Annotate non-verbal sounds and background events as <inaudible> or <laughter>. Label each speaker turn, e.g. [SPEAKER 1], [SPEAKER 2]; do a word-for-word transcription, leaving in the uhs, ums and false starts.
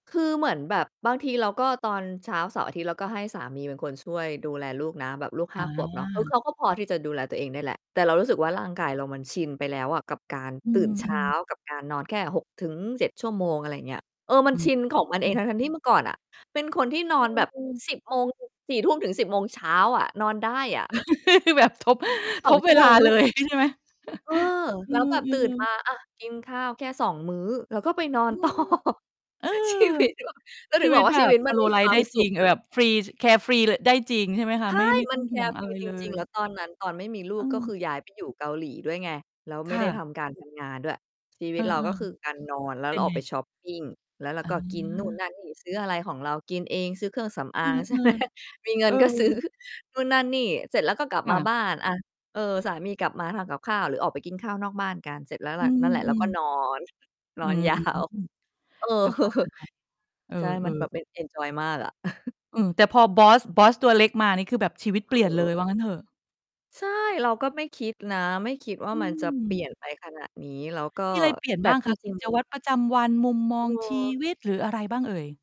[SPEAKER 1] คือเหมือนแบบบางทีเราก็ ตอนเช้าเสาร์อาทิตย์เราก็ให้สามีเป็นคนช่วยดูแลลูกนะ แบบลูก
[SPEAKER 2] อ
[SPEAKER 1] ห้า ขวบเนาะ คือเ
[SPEAKER 2] า
[SPEAKER 1] ขาก็พอที่จะดูแลตัวเองได้แหละ แต่เรารู้สึกว่
[SPEAKER 2] ค
[SPEAKER 1] า
[SPEAKER 2] ่ะ
[SPEAKER 1] ร่างกายเรามันชินไปแล้วอะกับการ
[SPEAKER 2] อื
[SPEAKER 1] ตื่นเช้า
[SPEAKER 2] ม ๆ
[SPEAKER 1] กับการนอนแค่ หกถึงเจ็ด ชั่วโมง อะไรอย่างเงี้ย เออ มั
[SPEAKER 2] อ
[SPEAKER 1] นชิน
[SPEAKER 2] ื
[SPEAKER 1] ของมันเอง
[SPEAKER 2] ม
[SPEAKER 1] ทั้ง ๆ ที่ เมื่อก่อนอะ เป็นคนที่นอ
[SPEAKER 2] อ
[SPEAKER 1] นแบบ
[SPEAKER 2] ือ
[SPEAKER 1] สิบ โมง สี่ ทุ่มถึง สิบ โมงเช้าอะ นอนได้อะ
[SPEAKER 2] <laughs> แบบทบ
[SPEAKER 1] สิบส
[SPEAKER 2] ท
[SPEAKER 1] อง
[SPEAKER 2] บ
[SPEAKER 1] ช
[SPEAKER 2] เ
[SPEAKER 1] ั
[SPEAKER 2] ว
[SPEAKER 1] ่วโ
[SPEAKER 2] ล
[SPEAKER 1] ม
[SPEAKER 2] า
[SPEAKER 1] งร
[SPEAKER 2] เล
[SPEAKER 1] ว
[SPEAKER 2] ย
[SPEAKER 1] ด
[SPEAKER 2] ใช่ไหม?
[SPEAKER 1] เออ
[SPEAKER 2] <chuckles> อื
[SPEAKER 1] แล้วแบบตื่
[SPEAKER 2] อ
[SPEAKER 1] นม
[SPEAKER 2] ๆ
[SPEAKER 1] า อา กินข้าวแค่ สอง มื้อ แล้วก็ไปนอ
[SPEAKER 2] อ
[SPEAKER 1] น
[SPEAKER 2] ื
[SPEAKER 1] ต่อ
[SPEAKER 2] ม เออ
[SPEAKER 1] ชีวิตเรา ก็ถ
[SPEAKER 2] ช
[SPEAKER 1] ึ
[SPEAKER 2] ี
[SPEAKER 1] ง
[SPEAKER 2] ว
[SPEAKER 1] บ
[SPEAKER 2] ิ
[SPEAKER 1] อ
[SPEAKER 2] ต
[SPEAKER 1] กว่
[SPEAKER 2] แ
[SPEAKER 1] า
[SPEAKER 2] บ
[SPEAKER 1] ชี
[SPEAKER 2] บ
[SPEAKER 1] วิต
[SPEAKER 2] ส
[SPEAKER 1] มัน
[SPEAKER 2] โล
[SPEAKER 1] มี
[SPEAKER 2] ว์ไล
[SPEAKER 1] ค
[SPEAKER 2] ฟ
[SPEAKER 1] ว
[SPEAKER 2] ์
[SPEAKER 1] า
[SPEAKER 2] ได
[SPEAKER 1] ม
[SPEAKER 2] ้
[SPEAKER 1] ส
[SPEAKER 2] จ
[SPEAKER 1] ุ
[SPEAKER 2] ริ
[SPEAKER 1] ข
[SPEAKER 2] ง เอ
[SPEAKER 1] อ
[SPEAKER 2] อ แบ
[SPEAKER 1] ะ
[SPEAKER 2] บฟรี แคร์ฟรี ล ได้จริงใช่ไหมค
[SPEAKER 1] ใช
[SPEAKER 2] ะ? ไม่
[SPEAKER 1] ่
[SPEAKER 2] ไม่
[SPEAKER 1] มั
[SPEAKER 2] ต้อ
[SPEAKER 1] น
[SPEAKER 2] ง
[SPEAKER 1] แค
[SPEAKER 2] ห่ว
[SPEAKER 1] ร
[SPEAKER 2] ง
[SPEAKER 1] ์
[SPEAKER 2] อ
[SPEAKER 1] ฟ
[SPEAKER 2] ะไ
[SPEAKER 1] ร
[SPEAKER 2] ร
[SPEAKER 1] ี จ
[SPEAKER 2] เล
[SPEAKER 1] ริง ๆ
[SPEAKER 2] ย
[SPEAKER 1] แล้วตอนนั้น ตอนไม่มีล
[SPEAKER 2] อ
[SPEAKER 1] ู
[SPEAKER 2] ื
[SPEAKER 1] ก ก็ค
[SPEAKER 2] ม
[SPEAKER 1] ือย้าย ไป อยู่เกาหลีด้วยไง แล้ว
[SPEAKER 2] ค
[SPEAKER 1] ไม่
[SPEAKER 2] ่
[SPEAKER 1] ได้ท
[SPEAKER 2] ะ
[SPEAKER 1] ำการ ทำ งานด้วย ชีว
[SPEAKER 2] อ
[SPEAKER 1] ิ
[SPEAKER 2] ื
[SPEAKER 1] ต เราก็
[SPEAKER 2] อ
[SPEAKER 1] คือ การ นอนแล
[SPEAKER 2] ๆ
[SPEAKER 1] ้
[SPEAKER 2] เ
[SPEAKER 1] ว
[SPEAKER 2] ป
[SPEAKER 1] เ
[SPEAKER 2] ็
[SPEAKER 1] รา
[SPEAKER 2] น
[SPEAKER 1] อ
[SPEAKER 2] ไ
[SPEAKER 1] อ
[SPEAKER 2] ง?
[SPEAKER 1] กไปช็อปปิง แล้วเรา
[SPEAKER 2] อ๋
[SPEAKER 1] ก็กิน นู่น
[SPEAKER 2] อ
[SPEAKER 1] นั่นนี่ ซื้ออะไรของเรากินเอง ซื้อเครื่องสำอ
[SPEAKER 2] อื
[SPEAKER 1] าง ใช่ไห
[SPEAKER 2] อ
[SPEAKER 1] ม มีเ
[SPEAKER 2] ๆ
[SPEAKER 1] ง
[SPEAKER 2] เอ
[SPEAKER 1] ิ
[SPEAKER 2] อ
[SPEAKER 1] นก็ซื้อ นู่นนั่นนี่ เสร็จแล้วก็กลับ
[SPEAKER 2] ค
[SPEAKER 1] ม
[SPEAKER 2] ่
[SPEAKER 1] า
[SPEAKER 2] ะ
[SPEAKER 1] บ้าน อา เออ สามีกลับมาทำกับข้าวหรือออกไปกินข้าวนอกบ้านกันเสร็จแล้วแห
[SPEAKER 2] อ
[SPEAKER 1] ล
[SPEAKER 2] ื
[SPEAKER 1] ะ นั่นแหละแล้วก
[SPEAKER 2] ม
[SPEAKER 1] ็
[SPEAKER 2] ๆ
[SPEAKER 1] นอน น
[SPEAKER 2] อื
[SPEAKER 1] อน
[SPEAKER 2] ม
[SPEAKER 1] ยาว เออ
[SPEAKER 2] สบายมาก เอ
[SPEAKER 1] ใช่ ม
[SPEAKER 2] อ
[SPEAKER 1] ันแบ
[SPEAKER 2] ๆ
[SPEAKER 1] บ เป็น เอนจอยมากอะ <chuckles>
[SPEAKER 2] อืม แต่พอบอส บอสตัวเล็กมา นี่คือแบบชีวิตเ
[SPEAKER 1] ค
[SPEAKER 2] ปลี่ยนเลย
[SPEAKER 1] เออ
[SPEAKER 2] ว่างั้นเถอะ
[SPEAKER 1] ใช่ เราก็ไม่คิดนะ ไม่คิดว่
[SPEAKER 2] อ
[SPEAKER 1] า
[SPEAKER 2] ื
[SPEAKER 1] มันจะเปลี่
[SPEAKER 2] ม
[SPEAKER 1] ยนไปขนาดนี้ แล้วก็
[SPEAKER 2] มีอะไรเปลี่ยน
[SPEAKER 1] แต่
[SPEAKER 2] บ้าง
[SPEAKER 1] จ
[SPEAKER 2] คะ ก
[SPEAKER 1] ร
[SPEAKER 2] ิ
[SPEAKER 1] ิง
[SPEAKER 2] จ วั
[SPEAKER 1] ๆ
[SPEAKER 2] ตรประจำวัน มุมมอ
[SPEAKER 1] เ
[SPEAKER 2] งชี
[SPEAKER 1] ออ
[SPEAKER 2] วิต หรืออะไรบ้างเอ่ย?